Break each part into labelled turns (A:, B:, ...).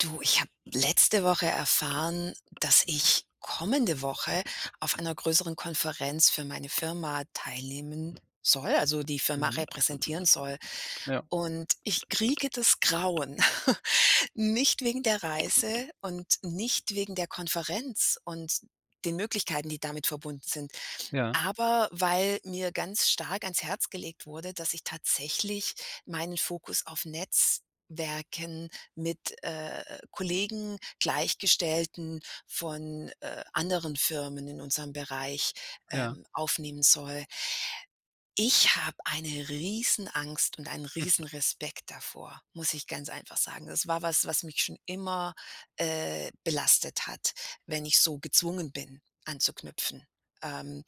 A: Du, ich habe letzte Woche erfahren, dass ich kommende Woche auf einer größeren Konferenz für meine Firma teilnehmen soll, also, die Firma
B: Mhm.
A: repräsentieren soll.
B: Ja.
A: Und ich kriege das Grauen. Nicht wegen der Reise und nicht wegen der Konferenz und den Möglichkeiten, die damit verbunden sind,
B: Ja.
A: aber weil mir ganz stark ans Herz gelegt wurde, dass ich tatsächlich meinen Fokus auf Netzwerken mit, äh, äh, Kollegen, Gleichgestellten von, äh, anderen Firmen in unserem Bereich,
B: Ja.
A: ähm, aufnehmen soll. Ich habe eine Riesenangst und einen Riesenrespekt davor, muss ich ganz einfach sagen. Das war was, was mich schon immer, äh, belastet hat, wenn ich so gezwungen bin, anzuknüpfen. Ähm,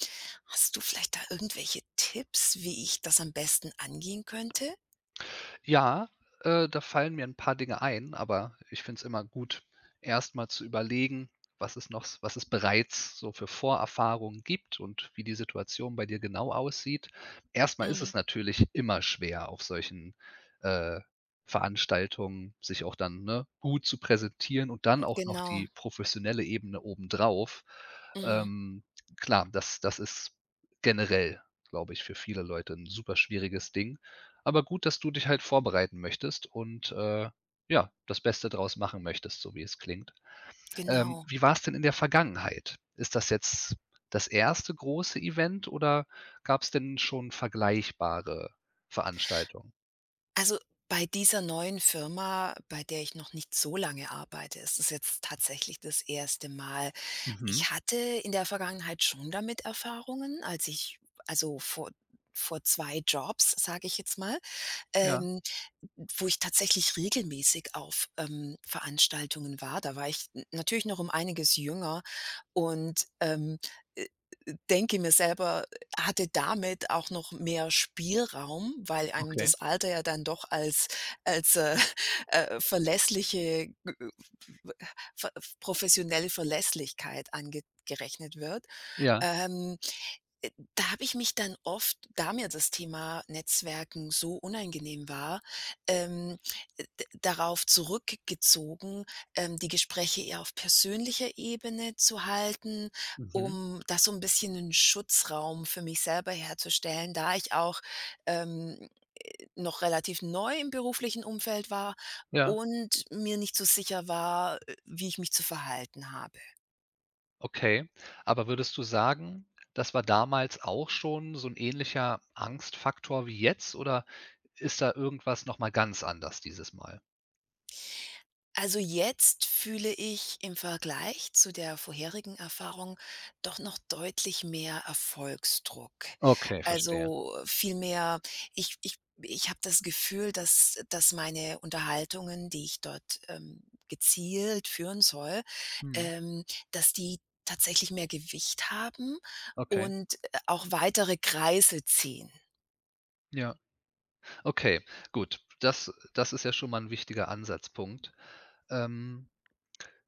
A: hast du vielleicht da irgendwelche Tipps, wie ich das am besten angehen könnte?
B: Ja, äh, da fallen mir 'n paar Dinge ein, aber ich finde es immer gut, erst mal zu überlegen, was es noch s was es bereits so für Vorerfahrungen gibt und wie die Situation bei dir genau aussieht. Erst mal ist
A: Mhm.
B: es natürlich immer schwer, auf solchen, äh, Veranstaltungen sich auch dann, ne, gut zu präsentieren und dann
A: Hm,
B: auch noch
A: genau.
B: die professionelle Ebene obendrauf.
A: Mhm.
B: Ähm, klar, das das ist generell, glaube ich, für viele Leute 'n superschwieriges Ding. Aber gut, dass du dich halt vorbereiten möchtest und, äh, ja, das Beste draus machen möchtest, so wie es klingt. Ähm,
A: Genau.
B: wie war's denn in der Vergangenheit? Ist das jetzt das 1. große Event oder gab's denn schon vergleichbare Veranstaltungen?
A: Also, bei dieser neuen Firma, bei der ich noch nicht so lange arbeite, ist es jetzt tatsächlich das 1. Mal.
B: Mhm.
A: Ich hatte in der Vergangenheit schon damit Erfahrungen, als ich also, vor vor 2 Jobs, sage ich jetzt mal,
B: Ja.
A: ähm, n n wo ich tatsächlich regelmäßig auf, ähm, Veranstaltungen war. Da war ich n natürlich noch um einiges jünger und, ähm, äh, äh, denke mir selber hatte damit auch noch mehr Spielraum, weil einem das
B: Okay.
A: Alter ja dann doch als als, äh, äh, verlässliche, g äh, v pf ver professionelle Verlässlichkeit ange gerechnet wird.
B: Ja.
A: Ähm, äh, da habe ich mich dann oft, da mir das Thema Netzwerken so unangenehm war, ähm, äh, d darauf zurück gezogen, ähm, die Gespräche eher auf persönlicher Ebene zu halten,
B: Mhm.
A: um da so 'n bisschen 'nen Schutzraum für mich selber herzustellen, da ich auch, ähm, äh, noch relativ neu im beruflichen Umfeld war
B: Ja.
A: und mir nicht so sicher war, äh, wie ich mich zu verhalten habe.
B: Okay, aber würdest du sagen, das war damals auch schon so 'n ähnlicher Angstfaktor wie jetzt? Oder ist da irgendwas noch mal ganz anders dieses Mal?
A: Also, jetzt fühle ich im Vergleich zu der vorherigen Erfahrung doch noch deutlich mehr Erfolgsdruck.
B: Okay, verstehe.
A: Also, viel mehr, ich ich ich habe das Gefühl, dass dass meine Unterhaltungen, die ich dort, ähm, gezielt führen soll,
B: Mhm.
A: ähm, dass die tatsächlich mehr Gewicht haben
B: Okay.
A: und, äh, auch weitere Kreise ziehen.
B: Ja. Okay, gut. Das das ist ja schon mal 'n wichtiger Ansatzpunkt. Ähm,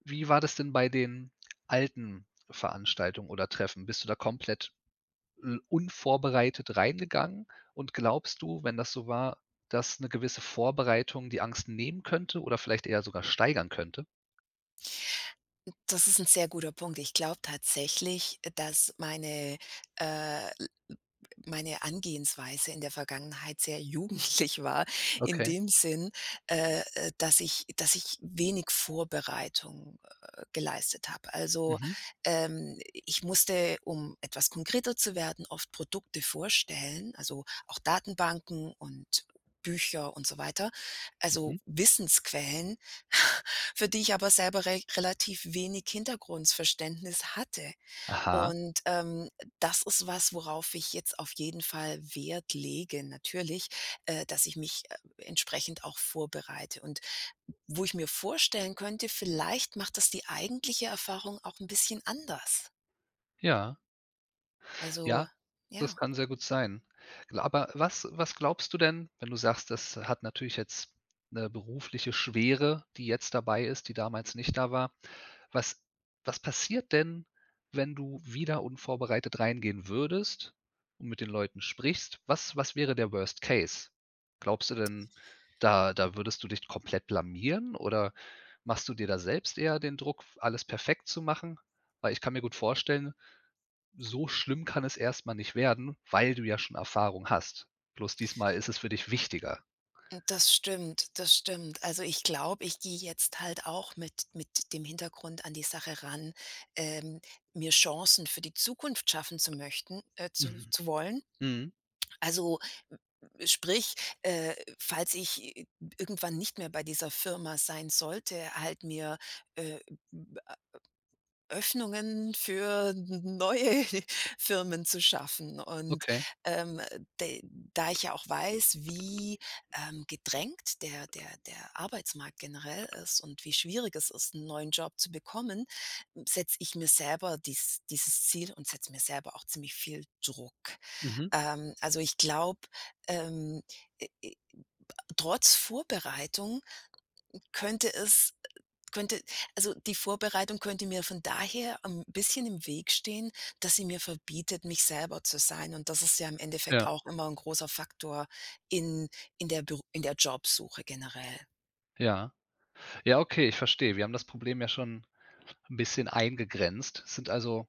B: wie war das denn bei den alten Veranstaltungen oder Treffen? Bist du da komplett, hm, unvorbereitet reingegangen und glaubst du, wenn das so war, dass 'ne gewisse Vorbereitung die Angst nehmen könnte oder vielleicht eher sogar steigern könnte?
A: Das ist 'n sehr guter Punkt. Ich glaube tatsächlich, äh, dass meine, äh, l l meine Herangehensweise in der Vergangenheit sehr jugendlich war in
B: Okay.
A: dem Sinn, äh, äh, dass ich dass ich wenig Vorbereitung, äh, geleistet habe. Also,
B: Mhm.
A: ähm, i ich musste, um etwas konkreter zu werden, oft Produkte vorstellen, also, auch Datenbanken und Bücher und so weiter. Also,
B: Mhm.
A: Wissensquellen, für die ich aber selber rech relativ wenig Hintergrundverständnis hatte.
B: Aha.
A: Und, ähm, äh, das ist was, worauf ich jetzt auf jeden Fall Wert lege natürlich, äh, dass ich mich, äh, entsprechend auch vorbereite. Und wo ich mir vorstellen könnte: Vielleicht macht das die eigentliche Erfahrung auch 'n bisschen anders.
B: Ja.
A: Also,
B: Ja, das
A: ja.
B: kann sehr gut sein. L aber was was glaubst du denn, wenn du sagst, das hat natürlich jetzt 'ne berufliche Schwere, die jetzt dabei ist, die damals nicht da war, was was passiert denn, wenn du wieder unvorbereitet reingehen würdest und mit den Leuten sprichst? Was was wäre der Worst Case? Glaubst du denn, da da würdest du dich komplett blamieren? Oder machst du dir da selbst eher den Druck, f alles perfekt zu machen? Weil ich kann mir gut vorstellen: So schlimm kann es erst mal nicht werden, weil du ja schon Erfahrung hast. Bloß diesmal ist es für dich wichtiger.
A: Hm, das stimmt, das stimmt. Also, ich glaube, ich gehe jetzt halt auch mit mit dem Hintergrund an die Sache ran, ähm, mir Chancen für die Zukunft schaffen zu möchten äh, zu
B: Mhm.
A: zu wollen.
B: Mhm.
A: Also, sprich, äh, falls ich i irgendwann nicht mehr bei dieser Firma sein sollte, halt mir, äh, b a Öffnungen für n neue Firmen zu schaffen. Und,
B: Okay.
A: ähm, de da ich ja auch weiß, wie, ähm, gedrängt der der der Arbeitsmarkt generell ist und wie schwierig es ist, 'n neuen Job zu bekommen, hm, setze ich mir selber dies dieses Ziel und setze mir selber auch ziemlich viel Druck.
B: Mhm.
A: Ähm, also, ich glaube, ähm, äh, äh, ba trotz Vorbereitung könnte es, äh könnte also, die Vorbereitung könnte mir von daher 'n bisschen im Weg stehen, dass sie mir verbietet, mich selber zu sein. Und das ist ja im Endeffekt
B: Ja.
A: auch immer 'n großer Faktor in in der Bür in der Jobsuche generell.
B: Ja. Ja, okay, ich verstehe. Wir haben das Problem ja schon 'n bisschen eingegrenzt. Sind, also,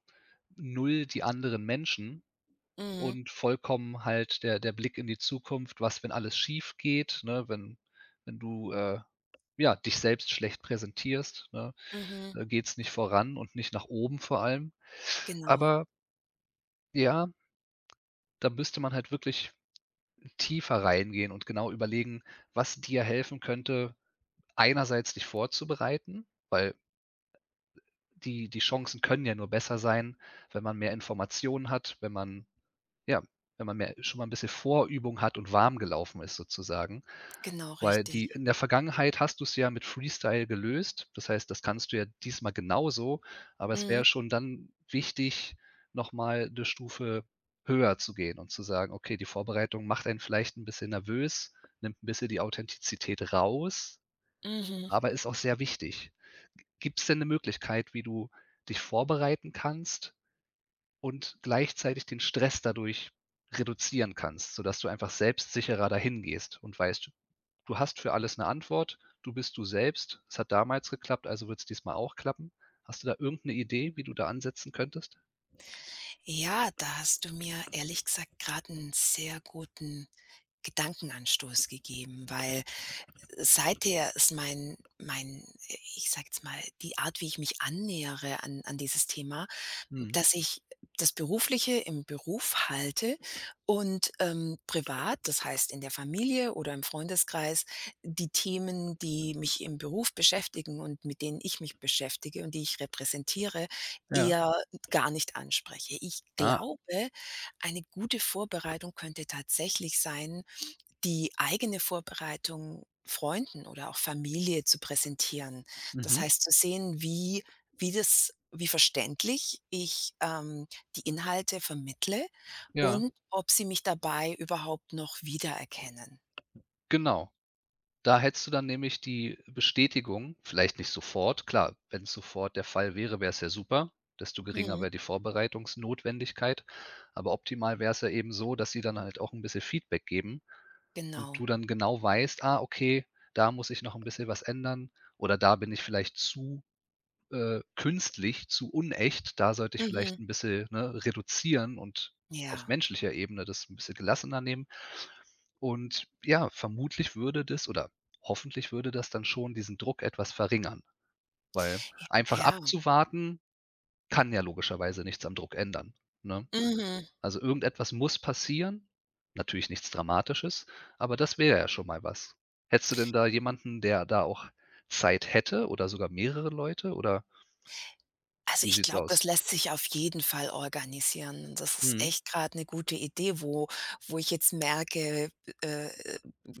B: 0 die anderen Menschen
A: Mhm.
B: und vollkommen halt der der Blick in die Zukunft: „Was, wenn alles schiefgeht”, ne? Wenn wenn du, äh, ja, dich selbst schlecht präsentierst, ne,
A: Mhm.
B: äh, geht's nicht voran und nicht nach oben vor allem.
A: Genau.
B: Aber ja da müsste man halt wirklich tiefer reingehen und genau überlegen, was dir helfen könnte, einerseits dich vorzubereiten, weil, die die Chancen können ja nur besser sein, wenn man mehr Informationen hat, wenn man ja, wenn man mehr schon mal 'n bisschen Vorübung hat und warm gelaufen ist sozusagen.
A: Genau,
B: Weil die
A: richtig.
B: in der Vergangenheit hast du's ja mit Freestyle gelöst. Das heißt, das kannst du ja diesmal genauso, aber es wäre
A: Mhm.
B: schon dann wichtig, noch mal 'ne Stufe höher zu gehen und zu sagen: „Okay, die Vorbereitung macht einen vielleicht 'n bisschen nervös, nimmt 'n bisschen die Authentizität raus,
A: Mhm.
B: aber ist auch sehr wichtig.“ G gibt's denn 'ne Möglichkeit, wie du dich vorbereiten kannst und gleichzeitig den Stress dadurch reduzieren kannst, sodass du einfach selbstsicherer dahin gehst und weißt: Du hast für alles 'ne Antwort. Du bist du selbst. Es hat damals geklappt, also wird's diesmal auch klappen. Hast du da irgend 'ne Idee, wie du da ansetzen könntest?
A: Ja, da hast du mir ehrlich gesagt grade 'n sehr guten Gedankenanstoß gegeben, weil seither ist mein mein ich sage jetzt mal, die Art, wie ich mich annähere an an dieses Thema,
B: Mhm.
A: dass ich das Berufliche im Beruf halte und, ähm, privat, das heißt in der Familie oder im Freundeskreis, die Themen, die mich im Beruf beschäftigen und mit denen ich mich beschäftige und die ich repräsentiere,
B: Ja.
A: eher gar nicht anspreche. Ich
B: Ah.
A: glaube, eine gute Vorbereitung könnte tatsächlich sein, die eigene Vorbereitung Freunden oder auch Familie zu präsentieren. Das
B: Mhm.
A: heißt, zu sehen, wie wie das wie verständlich ich, ähm, die Inhalte vermittle
B: Ja.
A: und ob sie mich dabei überhaupt noch wiedererkennen.
B: Genau. Da hättest du dann nämlich die Bestätigung, vielleicht nicht sofort, klar, wenn's sofort der Fall wäre, wäre es ja super, desto geringer
A: Mhm.
B: wäer die Vorbereitungsnotwendigkeit. Aber optimal wäre es ja eben so, dass sie dann halt auch 'n bisschen Feedback geben und
A: Genau.
B: du dann genau weißt: „Ah, okay, da muss ich noch 'n bisschen was ändern“, oder „Da bin ich vielleicht zu, äh, künstlich, zu unecht, da sollte ich vielleicht
A: Mhm.
B: 'n bisschen, ne, reduzieren und auf
A: Ja.
B: menschlicher Ebene das 'n bisschen gelassener nehmen.“ Und ja, vermutlich würde das oder hoffentlich würde das dann schon diesen Druck etwas verringern, weil
A: J
B: einfach
A: ja.
B: abzuwarten kann ja logischerweise nichts am Druck ändern, ne?
A: Mhm.
B: Also, irgendetwas muss passieren. Natürlich nichts Dramatisches, aber das wäre ja schon mal was. Hättest du denn da jemanden, der da auch Zeit hätte oder sogar mehrere Leute? Oder
A: Also,
B: wie
A: ich
B: sieht's
A: glaube, das
B: aus?
A: lässt sich auf jeden Fall organisieren. Das ist
B: Mhm.
A: echt grade 'ne gute Idee, wo wo ich jetzt merke, äh,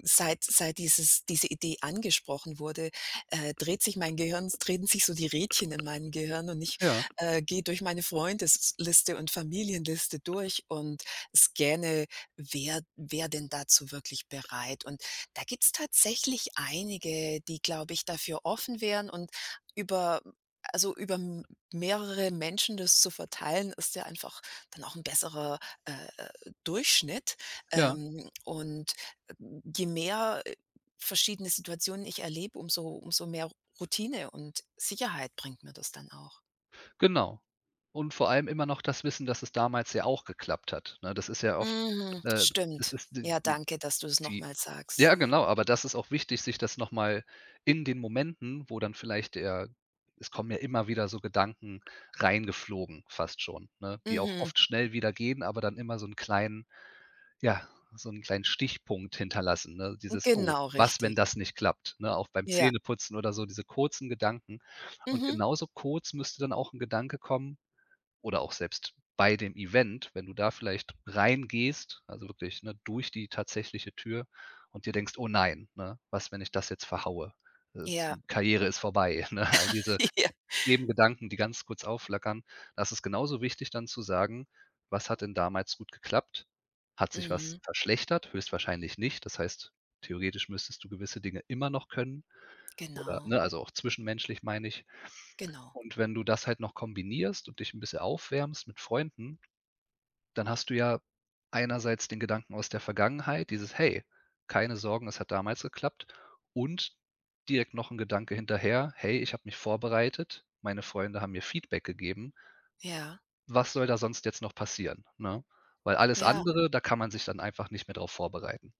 A: seit seit dieses diese Idee angesprochen wurde, äh, dreht sich mein Gehirn drehen sich so die Rädchen in meinem Gehirn und ich,
B: Ja.
A: äh, gehe durch meine Freundesliste und Familienliste durch und scanne, wer wer denn dazu wirklich bereit. Und da gibt's tatsächlich einige, die glaube ich dafür offen wären und über also, über m mehrere Menschen das zu verteilen, ist ja einfach dann auch 'n besserer, äh, äh, Durchschnitt.
B: Ja.
A: Ähm, und je mehr, äh, verschiedene Situationen ich erlebe, umso umso mehr R Routine und Sicherheit bringt mir das dann auch.
B: Genau. Und vor allem immer noch das Wissen, dass es damals ja auch geklappt hat, ne? Das ist ja oft,
A: Mhm,
B: äh das
A: stimmt.
B: ist d
A: Ja,
B: d
A: danke, dass du's noch
B: die
A: mal sagst.
B: Ja, genau, aber das ist auch wichtig, sich das noch mal in den Momenten, wo dann vielleicht eher es kommen ja immer wieder so Gedanken reingeflogen, fast schon, ne, die auch
A: Mhm.
B: oft schnell wieder gehen, aber dann immer so 'n kleinen ja, so 'n kleinen Stichpunkt hinterlassen, ne?
A: Hm,
B: Dieses: „Oh,
A: genau,
B: was, wenn
A: richtig.
B: das nicht klappt?“, ne? Auch beim
A: Ja.
B: Zähneputzen oder so, diese kurzen Gedanken. Und
A: Mhm.
B: genauso kurz müsste dann auch 'n Gedanke kommen oder auch selbst bei dem Event, wenn du da vielleicht reingehst, also, wirklich, ne, durch die tatsächliche Tür und dir denkst: „Oh nein, ne, was, wenn ich das jetzt verhaue? Äh, s
A: Ja.
B: Karriere ist vorbei”, ne? Diese
A: Ja.
B: eben Gedanken, die ganz kurz aufflackern. Da ist es genauso wichtig, dann zu sagen: „Was hat denn damals gut geklappt? Hat sich was
A: Mhm.
B: verschlechtert?” Höchstwahrscheinlich nicht. Das heißt, theoretisch müsstest du gewisse Dinge immer noch können oder
A: Genau.
B: ne, also, auch zwischenmenschlich, meine ich.
A: Genau.
B: Und wenn du das halt noch kombinierst und dich 'n bisschen aufwärmst mit Freunden, dann hast du ja einerseits den Gedanken aus der Vergangenheit, dieses: „Hey, keine Sorgen, es hat damals geklappt.“ Und direkt noch 'n Gedanke hinterher: „Hey, ich habe mich vorbereitet. Meine Freunde haben mir Feedback gegeben“
A: Ja.
B: „was soll da sonst jetzt noch passieren?“, ne? Weil alles
A: Ja.
B: andere, da kann man sich dann einfach nicht mehr drauf vorbereiten.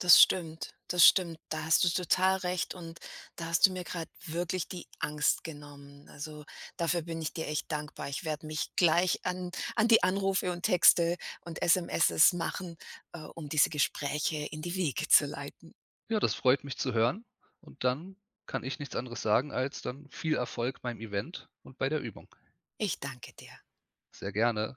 A: Das stimmt. Das stimmt. Da hast du total recht und da hast du mir grad wirklich die Angst genommen. Also, dafür bin ich dir echt dankbar. Ich werde mich gleich an an die Anrufe und Texte und SMS machen, äh, um diese Gespräche in die Wege zu leiten.
B: Ja, das freut mich zu hören und dann kann ich nichts anderes sagen als dann viel Erfolg beim Event und bei der Übung.
A: Ich danke dir.
B: Sehr gerne.